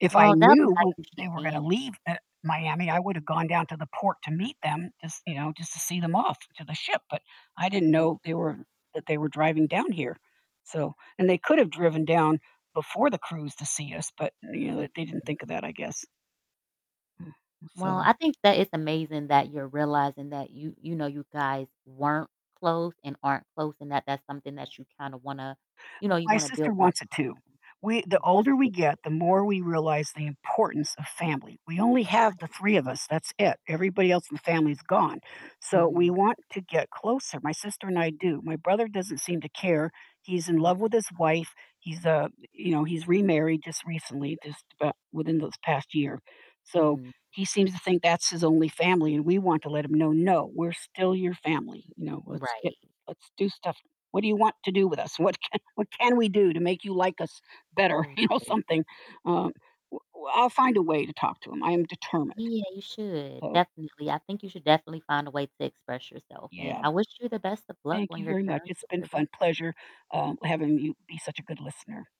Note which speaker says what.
Speaker 1: If I
Speaker 2: Well, that
Speaker 1: knew
Speaker 2: might
Speaker 1: when
Speaker 2: mean she
Speaker 1: they were gonna
Speaker 2: can.
Speaker 1: leave, eh, Miami, I would have gone down to the port to meet them just you know, just to see them off to the ship, but I didn't
Speaker 2: Mm,
Speaker 1: know they were
Speaker 2: yeah.
Speaker 1: that they were driving down here. So and they could have driven down before the cruise to see us, but, uh, you know, they they didn't
Speaker 2: Mhm.
Speaker 1: think of that, I guess. Mm, m
Speaker 2: Well,
Speaker 1: so
Speaker 2: I think that it's amazing that you're realizing that you you know, you guys weren't close and aren't close, and that that's something that you kinda wanna you know, you
Speaker 1: My
Speaker 2: wanna build
Speaker 1: sister
Speaker 2: that
Speaker 1: wants it too.
Speaker 2: bond.
Speaker 1: We the
Speaker 2: That's
Speaker 1: older we
Speaker 2: good.
Speaker 1: get, the more we realize the importance of family. We only have the
Speaker 2: Right.
Speaker 1: 3 of us; that's it. Everybody else in the family is gone. So, we
Speaker 2: Mhm.
Speaker 1: want to get closer; my sister and I do. My brother doesn't seem to care. He's in
Speaker 2: Mm,
Speaker 1: love
Speaker 2: yeah.
Speaker 1: with his wife, he's, uh you know, he's remarried just recently, just abou within this past year. So,
Speaker 2: Mhm.
Speaker 1: he seems to think that's his only family, and we want to let him know, "No, we're still your family," you know? "Let's i
Speaker 2: Right.
Speaker 1: Let's do stuff What do you want to do with us? What can what can we do to make you like us better?" You know,
Speaker 2: Right.
Speaker 1: something, um W w I'll find a way to talk to him. I am determined.
Speaker 2: Yeah, you should.
Speaker 1: So
Speaker 2: Definitely. I think you should definitely find a way to express yourself, and
Speaker 1: Yeah.
Speaker 2: I wish you the best of luck
Speaker 1: Thank
Speaker 2: on
Speaker 1: you
Speaker 2: your
Speaker 1: very much.
Speaker 2: journey
Speaker 1: It's
Speaker 2: with
Speaker 1: been
Speaker 2: your
Speaker 1: fun
Speaker 2: brother.
Speaker 1: pleasure, uh, having you be such a good listener.